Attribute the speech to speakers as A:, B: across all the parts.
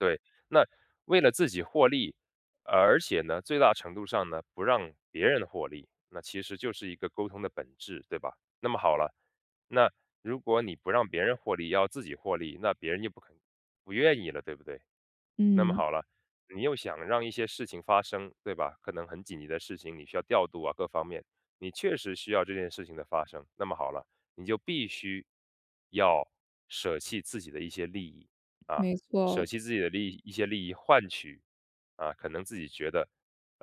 A: 对，那为了自己获利，而且呢最大程度上呢，不让别人获利，那其实就是一个沟通的本质，对吧？那么好了，那如果你不让别人获利要自己获利，那别人就不肯不愿意了，对不对？那么
B: 嗯。
A: 好了，你又想让一些事情发生，对吧，可能很紧急的事情你需要调度啊各方面，你确实需要这件事情的发生，那么好了，你就必须要舍弃自己的一些利益。啊，
B: 没
A: 舍
B: 错。
A: 弃自己的利益一些利益换取，啊，可能自己觉得，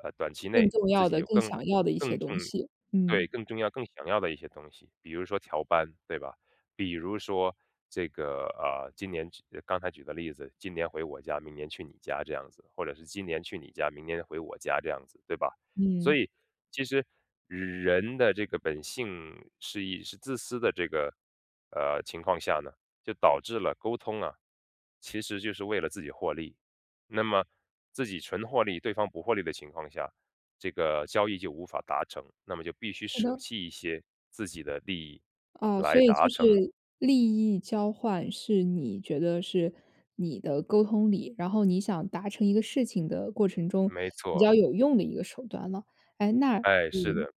A: 呃，短期
B: 更
A: 内
B: 重
A: 自
B: 要
A: 己
B: 的、
A: 有
B: 更
A: 更
B: 想要的一些
A: 更重
B: 东西。
A: 对，
B: 嗯。
A: 更重要、更想要的一些东西，比如说调班，对吧？比如说这个，呃，今年举刚才举的例子，今年回我家，明年去你家这样子，或者是今年去你家，明年回我家这样子，对吧？
B: 嗯。
A: 所以其实人的这个本性是以是自私的这个，呃，情况下呢，就导致了沟通啊，其实就是为了自己获利。那么自己纯获利，对方不获利的情况下，这个交易就无法达成，那么就必须
B: 是
A: 舍
B: 的。
A: 弃一些自己的利益
B: 哦，所
A: 来
B: 以
A: 达
B: 就
A: 成。
B: 是利益交换是你觉得是你的沟通里然后你想达成一个事情的过程中
A: 没
B: 比
A: 错。
B: 较有用的一个手段了。诶那
A: 哎，是
B: 嗯，
A: 的。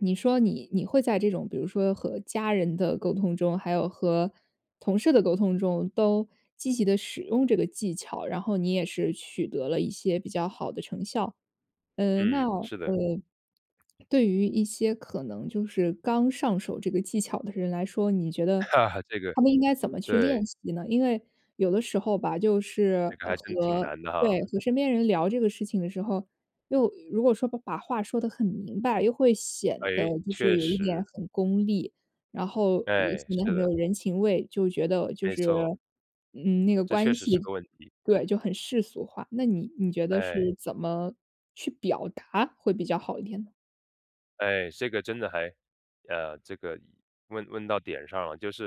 B: 你说你你会在这种比如说和家人的沟通中，还有和同事的沟通中都积极地使用这个技巧，然后你也是取得了一些比较好的成效。呃，那
A: 嗯，是
B: 呃，
A: 的。
B: 对于一些可能就是刚上手这个技巧的人来说，你觉得
A: 这个，
B: 他们应该怎么去练
A: 对。
B: 习呢？因为有的时候吧，就是
A: 这个还真挺
B: 和
A: 难的
B: 对，
A: 哈。
B: 和身边人聊这个事情的时候，又如果说把话说得很明白，又会显得
A: 诶，
B: 就是
A: 确
B: 有一点
A: 实。
B: 很功利，然后，呃，
A: 哎，
B: 显得很
A: 是
B: 没有
A: 的。
B: 人情味，就觉得就
A: 没
B: 是，
A: 错。
B: 嗯，那个
A: 这
B: 关
A: 确实是
B: 系
A: 个问题。
B: 对，就很世俗化，那你你觉得是
A: 哎。
B: 怎么去表达会比较好一点呢？
A: 哎，这个真的还呃，这个问问到点上了，就是